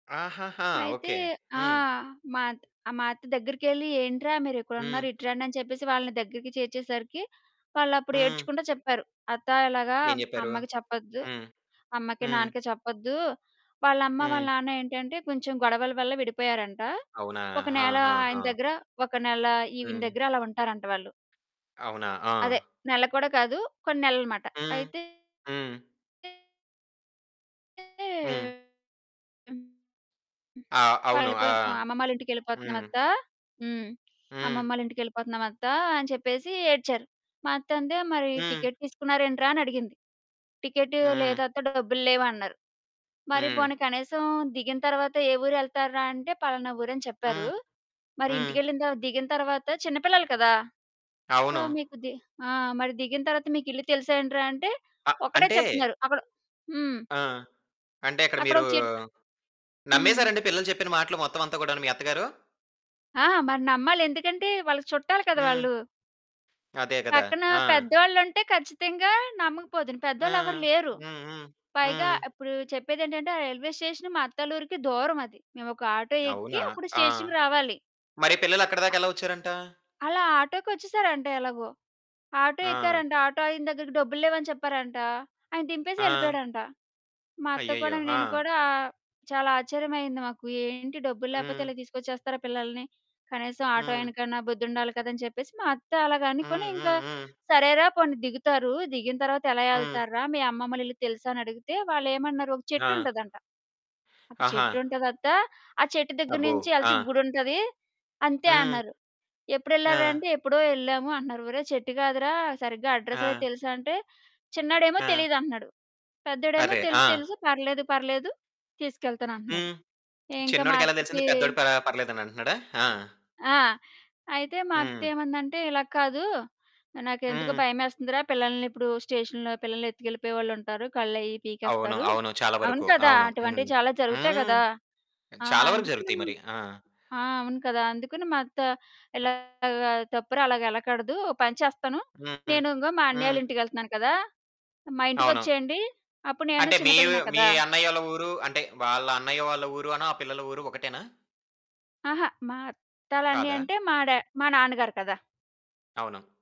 ఆహాహా! అయితే ఓకే. ఆ! హ్మ్. మాత్ ఆహ్, అత్త దగ్గరికెళ్ళి "ఏంట్రా హ్మ్. మీరిక్కడున్నారు? ఇటు రండి"? అని చెప్పేసి వాళ్ళని దగ్గరికి చేర్చేసరికి, వాళ్ళప్పుడు హ్మ్. ఏడ్చుకుంట చెప్పారు. అత్త ఇలాగా ఏం జెప్పారు? "అమ్మకి చెప్పొద్దు హ్మ్. అమ్మకి హ్మ్. నాన్నకి చెప్పొద్దు". వాళ్ళమ్మ, వాళ్ళ హ్మ్. నాన్న ఏంటి అంటే కొంచెం గొడవల వల్ల విడిపోయారంట, అవునా? ఒక హా! నెల హా! హా! ఆయన దగ్గర, ఒక నెల ఈవిడ హ్మ్. దగ్గర అలా ఉంటారంట వాళ్ళు. అవునా? ఆ! అదే. నెల కూడా కాదు కొన్ని నెలలు మాట. హ్మ్. అయితే హ్మ్. హ్మ్. ఆ! అవును. వాళ్ళు ఆ! పేం హ్మ్. "అమ్మమ్మాళ్ళింటికెళ్ళిపోతున్నామత్త" హ్మ్ హ్మ్. "అమ్మమ్మాళ్ళింటికెళ్ళిపోతున్నాం అత్త" అని చెప్పేసి ఏడ్చారు. మా అత్తంది మరి హ్మ్. "టికెట్ తీసుకున్నార ఏంట్రా?" అని అడిగింది, "టికెట్ హ్మ్. లేదత్త డబ్బులు లేవు" అన్నారు. మరి హ్మ్. పోనీ కనీసం దిగిన తరువాత ఏ ఊరెళ్తార్రా? అంటే "పలానా ఊరు" అని చెప్పారు. హ్మ్. మరి హ్మ్. ఇంటికెళ్ళి తరువా దిగిన తరువాత చిన్నపిల్లలు కదా! సో అవును. మీకు ది ఆ! మరి "దిగిన తర్వాత మీకిల్లు తెలుసెంట్రా?" అంటే, ఆ! ఒకటే అంటే చెప్తున్నారు అక్కడ హ్మ్. ఆ! అంటే అక్కడ మీరు అక్కడొక చెట్టు హ్మ్. నమ్మేసారండి పిల్లలు చెప్పిన మాటలు మొత్తం అంతా కూడాను మీ అత్తగారు? ఆ! మరి నమ్మాలి. ఎందుకంటే వాళ్ళకి చుట్టాలు కదా! హ్మ్. వాళ్ళు. అదే గదా! పక్కన ఆ! పెద్దవాళ్ళుంటే ఖచ్చితంగా నమ్మకపోదును. ఆ! పెద్దోళ్ళెవరు లేరు. హ్మ్. హ్మ్. పైగా హ్మ్. ఇప్పుడు చెప్పేదేంటంటే ఆ రైల్వే స్టేషన్ మా అత్తాల్లూరికి దూరమది. మేమొక ఆటో ఎక్కి అవునా? అప్పుడు ఆ! స్టేషన్‌కి రావాలి. మరి పిల్లలు ఆ అక్కడిదాకా ఎలా వచ్చారంట? అలా ఆటోకొచ్చేసారంట ఎలాగో! ఆటో ఆ! ఎక్కారంట. ఆటో ఆయన దగ్గరికి "డబ్బులు లేవు" అని చెప్పారంట. ఆయన దింపేసి ఆ! యెళ్ళిపోయాడంట. మా అత్త కూడా, అయ్యయ్యో! నేను ఆ! కూడా, చాలా ఆశ్చర్యమయ్యింది మాకు. "ఏంటి? డబ్బులు లేకపోతే హ్మ్. ఇలా తీసుకొచ్చేస్తారా పిల్లల్ని? కనీసం ఆటో హ్మ్. ఆయనకన్నా బుద్ధుండాలి కదా!" అని చెప్పేసి మా అత్త అలాగనుకొని, హ్మ్. ఇంకా హ్మ్. హ్మ్. "సరేరా పోనీ దిగుతారు. దిగిన తర్వాత ఎలా హ్మ్. యెళ్తార్రా? మీ అమ్మమ్మోళ్ళ ఇల్లు తెలుసా?" అని అడిగితే, వాళ్ళేమన్నారు ఒక ఆ! చెట్టుంటదంట, ఆప్ ఆహా! "చెట్టుంటదత్త ఆ చెట్టు దగ్గర అబ్బో! నుంచి ఆ! యెళ్తే గుడుంటది అంతే" హ్మ్. అన్నారు. "ఎప్పుడెళ్ళార్రా?" ఆ! అంటే "ఎప్పుడో యెళ్ళాము" అంటున్నారు. "ఒరేయ్ చెట్టు గాదురా సరిగ్గా అడ్రెస్సయీ ఆ! తెలుసా?" అంటే చిన్నోడేమో ఆ! "తెలీదు" అంటున్నాడు. పెద్దోడేమో అరె! తెలుసు, ఆ! "తెలుసు, పర్లేదు పర్లేదు తీసుకెళ్తానంటన్నాడు". హ్మ్. ఇంకా మా చిన్నోడికెలా అత్తకి తెలిసింది పెద్దోడికి ప పర్లేదని అంటున్నాడా. ఆ! ఆ! అయితే మా అత్త హ్మ్. ఏమందంటే "ఇలా కాదు. నాకెందుకో హ్మ్. భయమేస్తుందిరా! పిల్లల్ని ఇప్పుడు స్టేషన్‌లో పిల్లల్నెత్తుకెళ్ళిపోయేవాళ్ళుంటారు. కళ్ళయి అవును. పీకేస్తారు" అవును. చాలా అవును వరకు కదా! అవును అటువంటివి హ్మ్. చాలా జరుగుతాయి హ్మ్. గదా! ఆ! చాలా వరకు అందుకని జరుగుతాయి మరి ఆ! ఆ! అవును కదా! అందుకని మా అత్త ఇలాగా "తప్పురా అలాగెళ్ళకూడదు, ఓ పని చేస్తాను హుహు. నేను ఇంగో మా హ్మ్. అన్నయ్యోళ్ళింటికెళ్తున్నాను కదా! మా అవును. ఇంటికొచ్చేయండి" అప్పుడు నేను అంటే మీ, చిన్నపిల్లనే మీ కదా! అన్నయ్యోళ్ళ ఊరు అంటే వాళ్ళ అన్నయ్య వాళ్ళ ఊరునూ ఆ పిల్లల ఊరు ఒకటేనా? అహా! మా అత్త ఆళ్ళన్నయ్య కాదా? అంటే మా డా మా నాన్నగారు కదా! అవును.